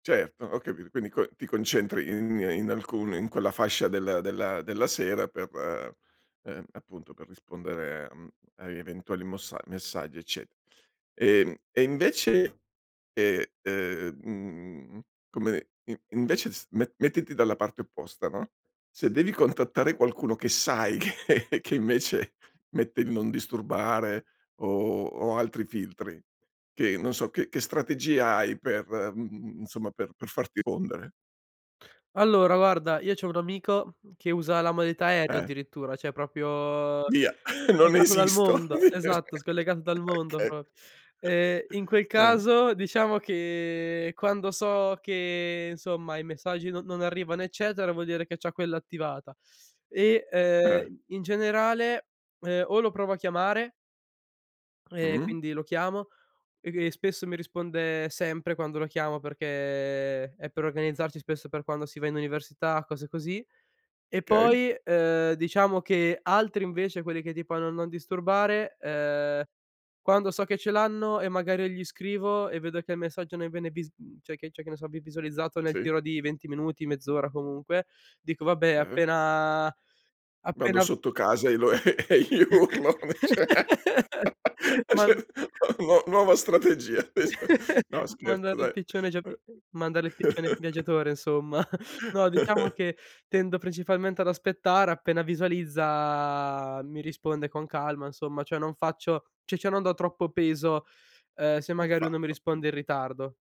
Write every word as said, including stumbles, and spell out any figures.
Certo, ho capito, quindi co ti concentri in in alcune in quella fascia della della della sera per ehm, appunto per rispondere, mhmm, a eventuali mossa messaggi ecce e, mhmm, e invece, ehm, ehm, mhmm, come in invece s me mettiti dalla parte opposta, no, se devi contattare qualcuno che sai che che invece mette il non disturbare o o altri filtri, che non so, che che strategia hai per, mhmm, insomma per per farti pondere? Allora guarda, io c'ho un amico, mhmm, che usa la modalità aereo Eh. addirittura, ceh propio Via, non scollegato dal esisto. mondo. Esatto, scollegato dal mondo Okay. pro ehm, in quel eh. caso diciamo che quando so che, insomma, i messaggi non non arrivano, eccetera, vuol dire che c'ha quella attivata e, Eh. uhm, in generale, uhm, o lo provo a chiamare e Mh-mh. quindi lo chiamo, e di e spesso mi risponde sempre quando lo chiamo, perché è per organizzarci, spesso, per quando si va in università, cose così. E kay. poi, uhm, diciamo che altri invece, quelli che tipo hanno non disturbare, uhm, quando so che ce l'hanno e magari gli scrivo e vedo che il messaggio non viene vis mhmm, ceh che c'è che ne so, vi visualizzato nel Sì. giro di venti minuti, mezz'ora comunque, dico: "Vabbè Ah-ah. appena Vado appena" sotto casa e lo e e gli urlo Man [unintelligible] nuo nuova strategia. No scherzo Mandare il dai, piccione già uhm pi mandare il piccione viaggiatore insomma. No, diciamo che tendo principalmente ad aspettare, appena visualizza mi risponde con calma insomma, cioè non faccio ci cho non do troppo peso, uhm, se magari lui non mi Perfetto. Mh. risponde in ritardo.